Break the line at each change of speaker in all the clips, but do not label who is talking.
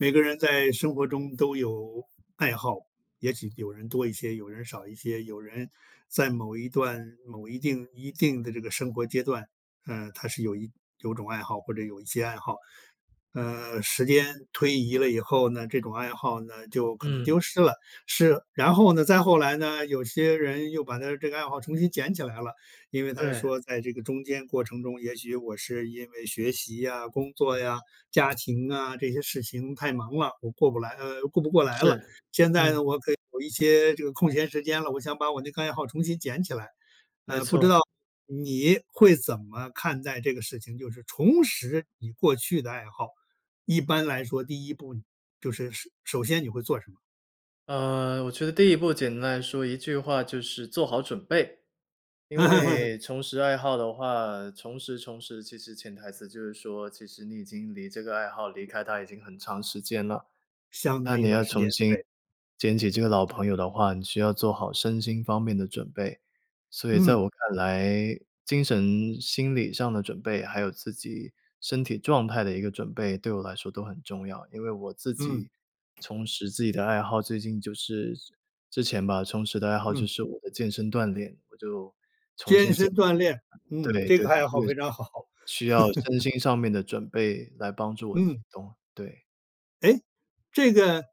每个人在生活中都有爱好，也许有人多一些，有人少一些，有人在某一段某一定一定的这个生活阶段，呃，他是有一有种爱好或者有一些爱好。呃，时间推移了以后呢，这种爱好呢，就可能
嗯。
丢失了。是然后呢，再后来呢，有些人又把他这个爱好重新捡起来了，因为他是
对。
说在这个中间过程中，也许我是因为学习呀、工作呀、家庭啊，这些事情太忙了，我过不来呃，顾不过来了。
是，
现在呢，
嗯。
我可以有一些这个空闲时间了，我想把我那个爱好重新捡起来。
没
呃，不知
错。
道你会怎么看待这个事情？就是重拾你过去的爱好，一般来说第一步就是，首首先你会做什么？
呃，我觉得第一步简单来说一句话就是做好准备。因 为重拾爱好的话，重拾重拾，其实潜台词就是说，其实你已经离这个爱好离开它已经很长时间了。
相
那
当一
你
段
要
时
重
间，
新
对。
捡起这个老朋友的话，你需要做好身心方面的准备。所以在
嗯。
我看来，精神心理上的准备，还有自己身体状态的一个准备，对我来说都很重要。因为我自
嗯。
己重拾自己的爱好，最近就是之之前吧，重拾的爱好就
嗯。
是我的健身锻炼，我就重
健
新
身
捡
锻炼，
对
嗯，这
对，
个爱
这
好
个，
非常好。
需要身 心上面的准备来帮助我启
嗯。
动，对。
哎，这个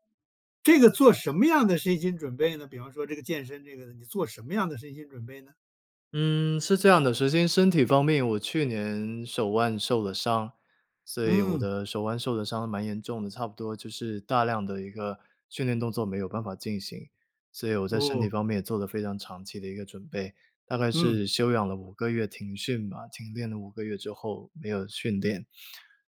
这个做什么样的身心准备呢？比方说这个健身这个呢，你做什么样的身心准备呢？
嗯，是这样的。首先身体方面，我去年手腕受了伤，所以我
嗯。
的手腕受的伤蛮严重的，差不多就是大量的一个训练动作没有办法进行。所以我在身体
哦。
方面也做了非常长期的一个准备，大概
嗯。
是休养了5个月，停训嘛，停练了5个月之后没有训练。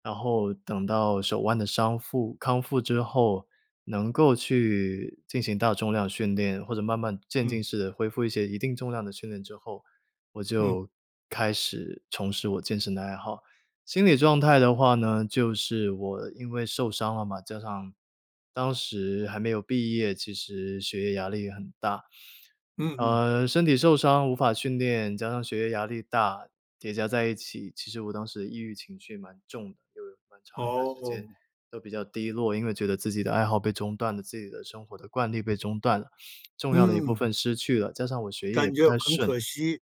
然后等到手腕的伤复康复之后，能够去进行大重量训练，或者慢慢渐
嗯。
进式地恢复一些一定重量的训练之后，我
嗯。
就开始重拾我健身的爱好。心理状态的话呢，就是我因为受伤了嘛，加上当时还没有毕业，其实学业压力也很大。
嗯嗯。
呃，身体受伤无法训练，加上学业压力大，叠加在一起，其实我当时抑郁情绪蛮重的，就有蛮长一段时间
哦。
都比较低落。因为觉得自己的爱好被中断了，自己的生活的惯例被中断了，重要的一部
嗯。
分失去了，加上我学业也
感
不
觉
太
很
顺，
可惜，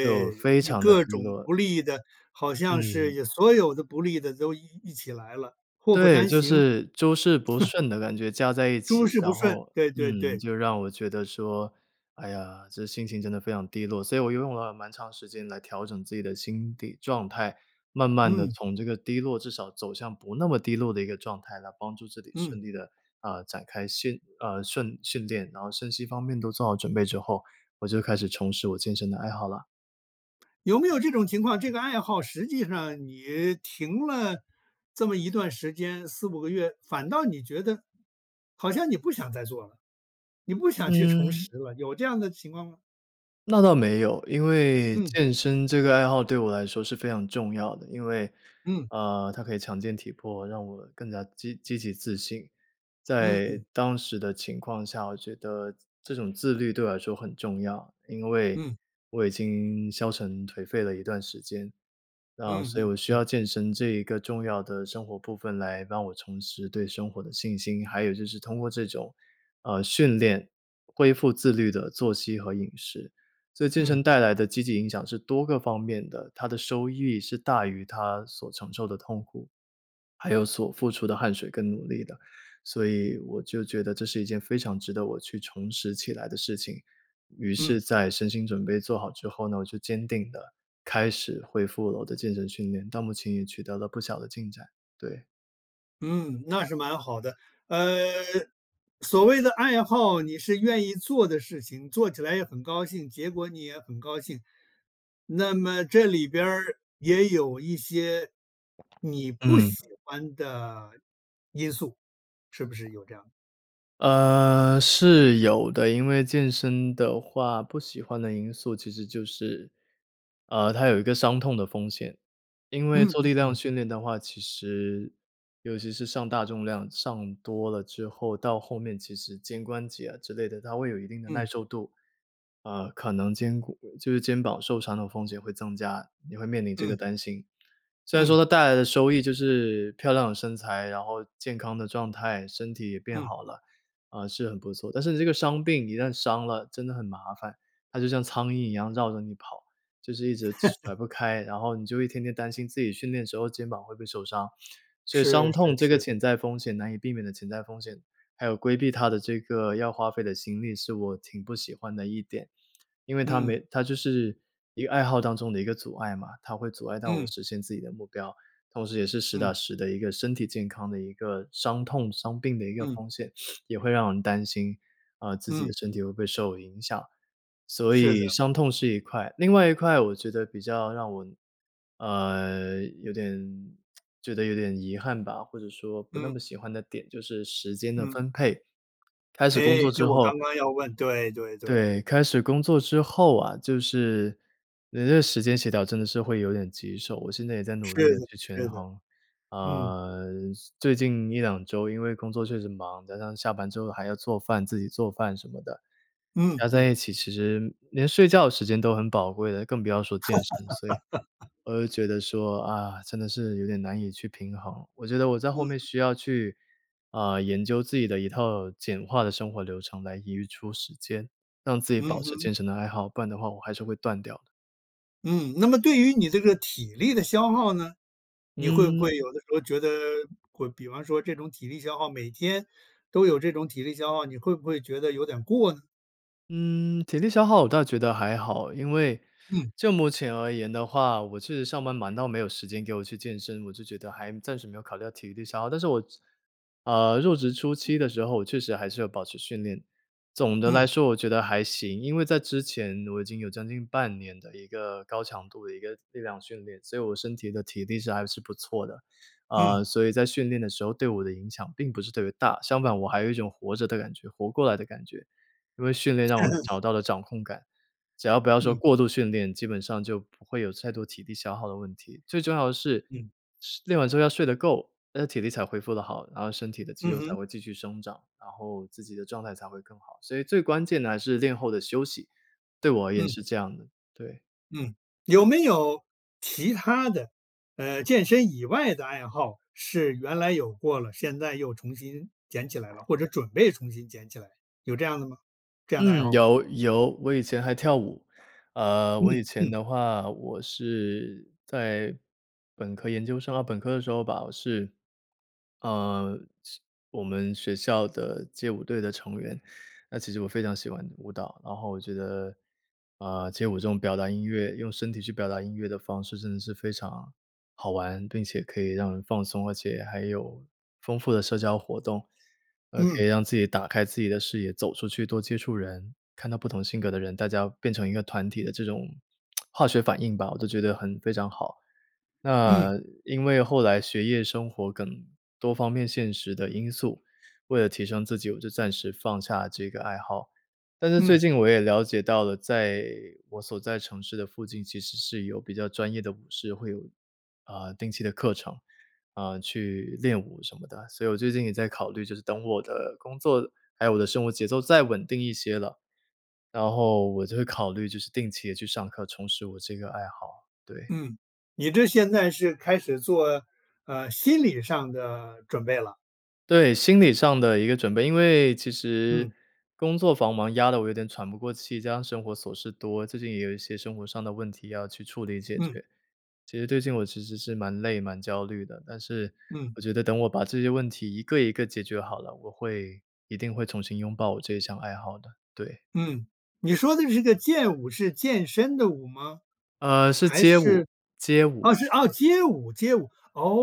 就非
你
常地
各
低
种
落。
不利的，好像
嗯。
是所有的不利的都一一起来了，祸不
对，
单
就
行。
是诸事不 顺的感觉加在一
诸
起。
事不
然
顺，
后
对对
嗯，
对。
就让我觉得说，哎呀，这心情真的非常低落。所以我又用了蛮长时间来调整自己的心理状态。慢慢地
嗯。
从这个低落至少走向不那么低落的一个状态，来帮助自己
嗯。
顺利地啊，展开训啊，顺训练。然后身心方面都做好准备之后，我就开始重拾我健身的爱好啦。
有没有这种情况，这个爱好实际上你停了这么一段时间，4-5个月，反倒你觉得，好像你不想再做了，你不想去重
嗯。
拾了，有这样的情况吗？
那倒没有，因为
嗯。
健身这个爱好，对我来说是非常重要的。因为，
嗯。
呃，它可以强健体魄，让我更加积积极自信。
嗯
在
嗯。
当时的情况下，我觉得这种自律对我来说很重要，因为
嗯。
我已经消沉颓废了一段时间。那
嗯
所以
嗯
我需
嗯。
要健身这一个重要的生活部分，来帮我重拾对生活的信心。还有就是通过这种呃，训练，恢复自律的作息和饮食。所以健
嗯。
身带来的积极影响是多个方面的，它的收益是大于它所承受的痛苦，还有所付出的汗水跟努力的，所以我就觉得这是一件非常值得我去重拾起来的事情。于
嗯。
是在身心准备做好之后呢，我就坚定地，开始恢复了我的健身训练，到目前也取得了不小的进展，对。
嗯，那是蛮好的。呃，所谓的爱好，你是愿意做的事情，做起来也很高兴，结果你也很高兴。那么这里边儿，也有一些你不
嗯。
喜欢的因素，是不是有这样的？
呃，是有的。因为健身的话，不喜欢的因素其实就是，呃，它有一个伤痛的风险。因为
嗯
做
嗯
力量
嗯。
训练的话，其实尤其是上大重量上多了之后，到后面其实肩关节啊之类的，它会有一定的耐
嗯。
受度。呃，可能肩骨就是肩膀受伤的风险会增加，也会面临这个
嗯。
担心。虽然说
嗯。
它带来的收益就是漂亮的身材，然后健康的状态，身体也变
嗯。
好了，啊，是很不错，但是这个伤病一旦伤了，真的很麻烦。它就像苍蝇一样绕着你跑，就是一直甩 不开，然后你就一天天担心自己训练的时候肩膀会不会受伤。所以
是
伤
是
痛这个
是。
潜在风险难以避免的潜在风险，还有规避它的这个要花费的心力是我挺不喜欢的一点。因为它
嗯。
没它就是一个爱好当中的一个阻碍嘛，它会阻碍到我
嗯。
实现自己的目标，同时也是实打
嗯。
实的一个身体健康的一个伤痛、伤病的一个
嗯。
风险，也会让人担心，啊，自己的
嗯。
身体会不会受影响，所
是的。
以伤痛是一块。另外一块我觉得比较让我，呃，有点 觉得有点遗憾吧，或者说不那
嗯。
么喜欢的点就是时间的
嗯。
分配。开始工
诶，
作之
就我
后
刚刚要问，对对对。
对，开始工作之后啊，就是你那个时间协调真的是会有点棘手，我现在也在努力
是
地
的
去权
是的。
衡。
嗯。
啊，最近1-2周因为工作确实忙，加上下班之后还要做饭自己做饭什么的，
嗯
加在
嗯。
一起其实连睡觉时间都很宝贵了，更不要说健身。所以，我就觉得说，啊，真的是有点难以去平衡。我觉得我在
嗯
后面
嗯。
需要去，啊，研究自己的一套简化的生活流程来余出时间，让自己
嗯
保持
哼。
健身的爱好，不然的话我还是会断掉的。
嗯，那么对于你这个体力的消耗呢？你会不
嗯。
会有的时候觉得会比方说这种体力消耗每天都有这种体力消耗，你会不会觉得有点过呢？
嗯，体力消耗我倒觉得还好，因为，
嗯。
就目前而言的话，我确实上班忙到没有时间给我去健身，我就觉得还暂时没有考虑到体力消耗。但是我职呃，入职初期的时候，确实还是有保持训练，总的
嗯。
来说我觉得还行。因为在之前，我已经有将近半年的一个高强度的一个力量训练，所以我身体的体力是还是不错的。
嗯。
呃，所以在训练的时候对我的影响并不是特别大，相反我还有一种活着的感觉活过来的感觉。因为训练让我 找到了掌控感，只要不要说
嗯。
过度训练，基本上就不会有太多体力消耗的问题。最重要的是
嗯。
是练完之后要睡得够，那体力才恢复得好，然后身体的肌
嗯
肉才
哼。
会继续生长，然后自己的状态才会更好。所以最关键的还是练后的休息，对我而言
嗯。
是这样的，对。
嗯，有没有其他的，呃，健身以外的爱好是原来有过了，现在又重新捡起来了，或 者准备重新捡起来，有这样的吗这样的爱
嗯，
好吗？
有有，我以前还跳舞。呃，
嗯
我以前
嗯。
的话，我是在本科、研究生啊，本科的时候吧，我是呃，是我们学校的街舞队的成员。那其实我非常喜欢舞蹈，然后我觉得，啊，街舞这种表达音乐用身体去表达音乐的方式，真的是非常好玩，并且可以让人放松，而且还有丰富的社交活动。呃，可以
嗯。
让自己打开自己的视野，走出去多接触人看到不同性格的人，大家变成一个团体的这种 化学反应吧，我都觉得很非常好。
嗯。
那因为后来学业生活等多方面现实的因素，为了提升自己，我就暂时放下这个爱好。但是最
嗯。
近我也了解到了，在我所在城市的附近，其实是有比较专业的舞社，会有，呃，定期的课程，啊，去练舞什么的。所以我最近也在考虑，就是等我的工作，还有我的生活节奏再稳定一些了，然后我就会考虑，就是定期地去上课，重拾我这个爱好，对。
嗯，你这现在是开始做，呃，心理上的准备了。
对，心理上的一个准备。因为其实，
嗯。
工作繁忙压得我有点喘不过气，加上生活琐事多。最近也有一些生活上的问题要去处理解
嗯。
决。其实最近我其实是蛮累、蛮焦虑的。但是，
嗯。
我觉得等我把这些问题一个一个解决好了，我会一定会重新拥抱我这项爱好的，对。
嗯，你说的这个健舞是健身的舞吗？
呃，是
还
街舞
是
街
啊
舞。
是啊，街舞街舞。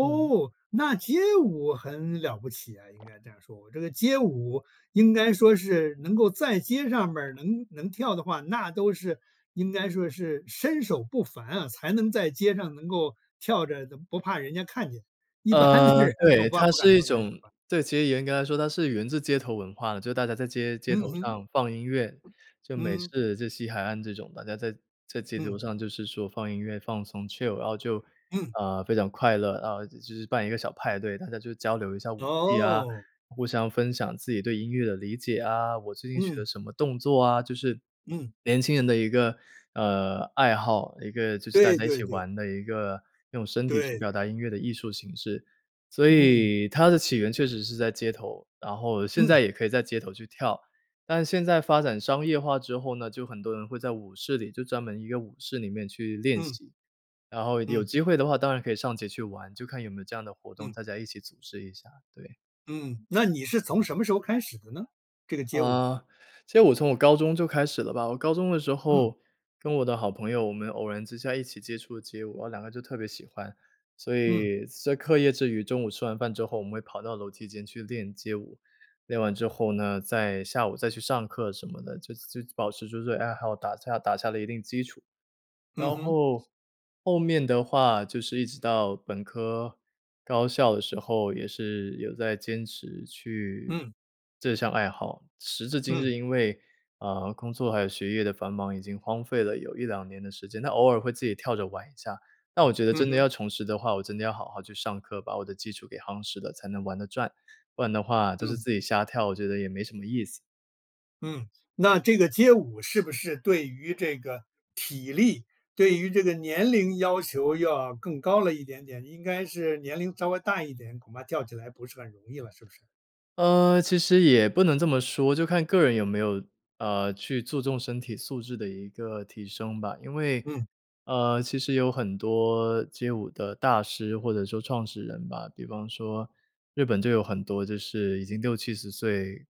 嗯。
那街舞很了不起诶，应该这样说。这个街舞应该说是，能够在街上边儿能能跳的话，那都是应该说是身手不凡啊。才能在街上能够跳着的，不怕人家看见。一般的
呃，
人
对，
恐怕
它
不敢
是一
到那儿去
种
吧？
对，其实严格来说它是源自街头文化的。就大家在街街
嗯
头
哼。
上放音乐，就美
嗯。
式、就西海岸这种，大家在在街头
嗯。
上就是说放音乐、放松、chill。然后就，
嗯。
啊，非常快乐。然后就是办一个小派对，大家就交流一下舞技啊，
哦。
互相分享自己对音乐的理解啊，我最近学了
嗯。
什么动作啊。就是，
嗯。
年轻人的一个，呃，爱好。一个就是大
对
家一起
对对。
玩的一个用身体去
对。
表达音乐的艺术形式。所
嗯。
以它的起源确实是在街头，然后现
嗯。
在也可以在街头去跳。但现在发展商业化之后呢，就很多人会在舞室里就专门一个舞室里面去练
嗯。
习。然后有
嗯。
机会的话，当然可以上街去玩，就看有没有这样的活动，
嗯。
大家一起组织一下，对。
嗯，那你是从什么时候开始的呢？这个街舞。
呃，其实我从我高中就开始了吧，我高中的时
嗯。
候，跟我的好朋友，我们偶然之下一起接触了街舞，然后两个就特别喜欢。所
嗯。
以在课业之余，中午吃完饭之后我们会跑到楼梯间去练街舞，练完之后呢，在下午再去上课什么的，就就保持住自己爱好，打下打下了一定基础。
嗯
然
哼。
后，后面的话就是一直到本科高校的时候，也是有在坚持去
嗯。
这项爱好。时至今
嗯。
日，因为，呃，工作还有学业的繁忙已经荒废了有1-2年的时间，那偶尔会自己跳着玩一下。那我觉得
嗯
真的
哼。
要重拾的话，我真的要好好去上课，把我的基础给夯实了才能玩得转，不然的话都是
嗯。
自己瞎跳，我觉得也没什么意思。
嗯，那这个街舞是不是对于这个体力，对于这个年龄要求，要更高了一点点，应该是年龄稍微大一点，恐怕跳起来不是很容易了，是不是？
呃，其实也不能这么说，就看个人有没有，呃，去注重身体素质的一个提升吧。因为，
嗯。
呃，其实有很多街舞的大师或者说创始人吧，比方说日本就有很多就是已经60-70岁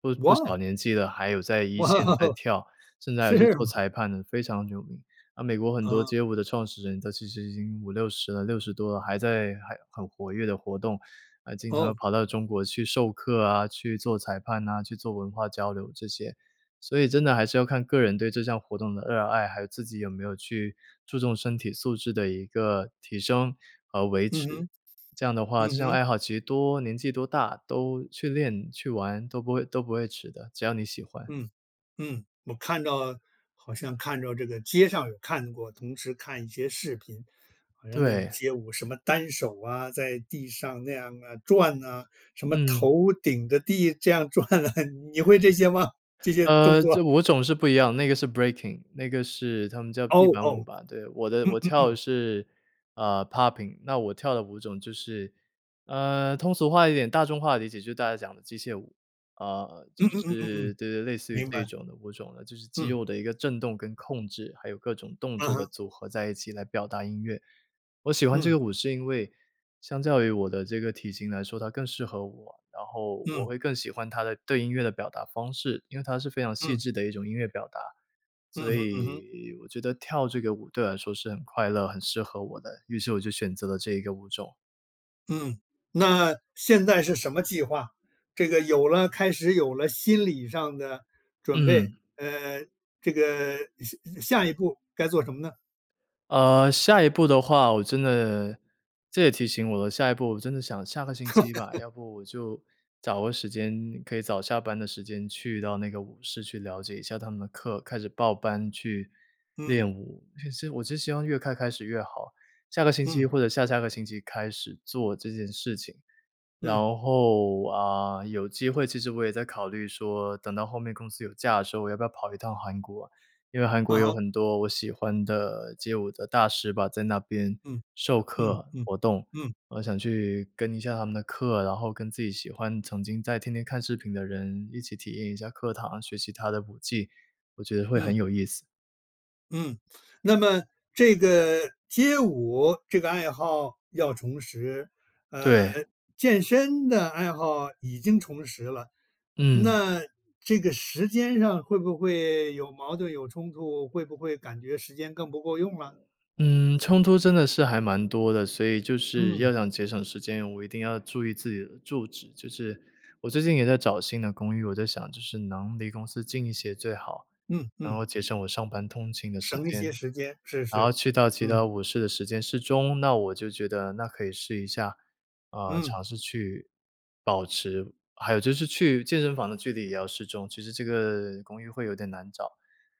不不
哇
小
哦。
年纪的，还有在一
哇，
线在跳，甚至还有去
是
做
吗？
裁判的非常有名。啊，美国很多
嗯。
街舞的创始人，都其实已经50-60了、60多了，还在还很活跃地活动，呃，经常
哦。
跑到中国去授课啊，去做裁判呐，去做文化交流这些。所以真的还是要看个人对这项活动的热爱，还有自己有没有去注重身体素质的一个提升和维
嗯
持，
哼，
这样的话
嗯
这项
哼。
爱好其实多年纪多大都去练、去玩都不会都不会迟的，只要你喜欢。
嗯，嗯，我看到好像看着这个街上有看过，同时看一些视频，好像那种
对。
街舞什么单手啊，在地上那样啊，转啊，什么
嗯。
头顶着地这样转啊，你会这些吗？这些动
呃，
作。
这舞种是不一样，那个是 Breaking，那个是他们叫地
哦，
板舞
哦。
吧。对，我的
嗯
我
嗯
跳的
嗯。
是，呃，Popping，那我跳的舞种就是，呃，通俗化一点大众化的理解就是大家讲的机械舞，呃，就
嗯嗯嗯嗯
是，
嗯。
对对，类似于
明
这
白。
种的舞种的就是肌
嗯。
肉的一个震动跟控制，还有各种动
嗯
作的
哼。
组合在一起来表达音乐。我喜欢这
嗯。
个舞是因为相较于我的这个体型来说，它更适合我。然后我
嗯。
会更喜欢它的对音乐的表达方式，因为它是非常细
嗯。
致的一种音乐表达，所
嗯哼嗯哼。
以，我觉得跳这个舞对我来说是很快乐、很适合我的，于是我就选择了这一个舞种。
嗯，那现在是什么计划，这个有了开始，有了心理上的准备
嗯。
呃，这个，下下一步该做什么呢？
呃，下一步的话，我真的这也提醒我的了下一步我真的想下个星期吧，要不我就找个时间，可以早下班的时间去到那个舞室去了解一下他们的课，开始报班去
嗯。
练舞。其实我就希望越快开始越好，下个星期
嗯。
或者下下个星期开始做这件事情。然
嗯。
后，啊，有机会其实我也在考虑说，等到后面公司有假的时候，我要不要跑一趟韩国。因为韩
嗯
国有
哼。
很多我喜欢的街舞的大师吧，在那边
嗯，
授
嗯
课、
嗯，
活动，
嗯。
我想去跟一下他们的课，然后跟自己喜欢、曾经在天天看视频的人，一起体验一下课堂，学习他的舞技，我觉得会
嗯。
很有意思。
嗯，那么这个街舞这个爱好要重拾，呃，
对。
健身的爱好已经重拾了，
嗯。
那这个时间上会不会有矛盾、有冲突，会不会感觉时间更不够用了？
嗯，冲突真的是还蛮多的。所以就是
嗯。
要想节省时间，我一定要注意自己的住址。就是，我最近也在找新的公寓，我在想就是能离公司近一些最好，
嗯
然
嗯。
后节省我上班通勤的时
省一些
间，
时间，是
然后
是，
去到其
嗯。
他舞室的时间适中，那我就觉得那可以试一下呃，
嗯。
尝试去保持还有就是去健身房的距离也要适中。其实这个公寓会有点难找，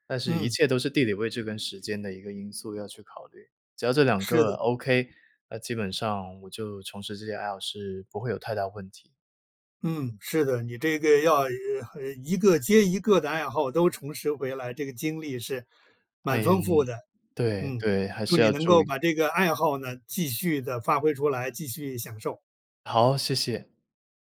但是一
嗯。
切都是地理位置跟时间的一个因素要去考虑，只要这两
是的。
个 Okay，那基本上我就从事这些爱好是不会有太大问题。
嗯，是的，你这个要，呃呃，呃，一个接一个的爱好都重拾回来，这个经历是蛮
哎，
丰富的。
对
嗯，
对，还
祝
是
你
要
能
注意。
够把这个爱好呢，继续地发挥出来，继续享受。
好，谢谢。